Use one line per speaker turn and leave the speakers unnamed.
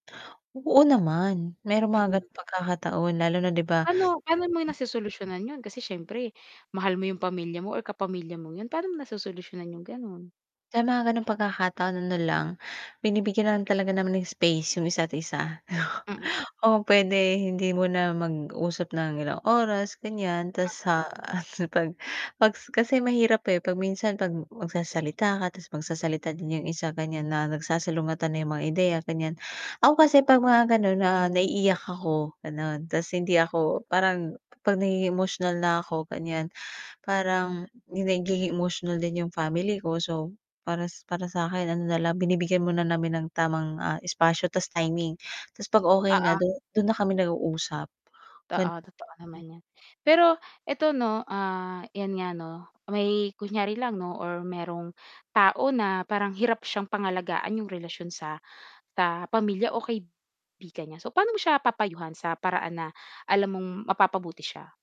Oo, naman merong mga
Mm.
ganung pagkakataon lalo na 'di ba
Pa'no pa'no mo nasosolusyunan yun kasi sIyempre mahal mo yung pamilya mo or kapamilya mong yun, pa'no mo nasosolusyunan yung ganon?
sa mga gano'ng pagkakataon, na lang, binibigyan na lang talaga naman ng space yung isa't-isa.
Mm.
Oo, pwede hindi mo na mag-usap ng ilang oras ganyan, 'tas sa 'pag pag sa kasi mahirap eh, 'pag minsan 'pag magsasalita ka 'tas magsasalita din yung isa ganyan, na nagsasalungatan na yung mga ideya ganyan. Ako kasi 'pag mga gano'n na naiiyak ako, ganon, 'tas hindi ako parang 'pag nagiging emosyonal na ako ganyan, parang yung nagiging emosyonal din yung family ko, so, para para sakin ano na lang, binibigyan mo na namin ng tamang, ah, espasyo 'tas timing. 'Tas 'pag okay na
Oo.
dun dun na kami nag-uusap
Totoo,
gan
totoo naman 'yan. Pero eto 'no, ah, 'yan nga 'no. May kunyari lang 'no or merong tao na parang hirap siyang pangalagaan yung relasyon sa, ah, pamilya o kaibigan niya, so, paano mo siya papayuhan sa paraan na alam mong mapapabuti siya?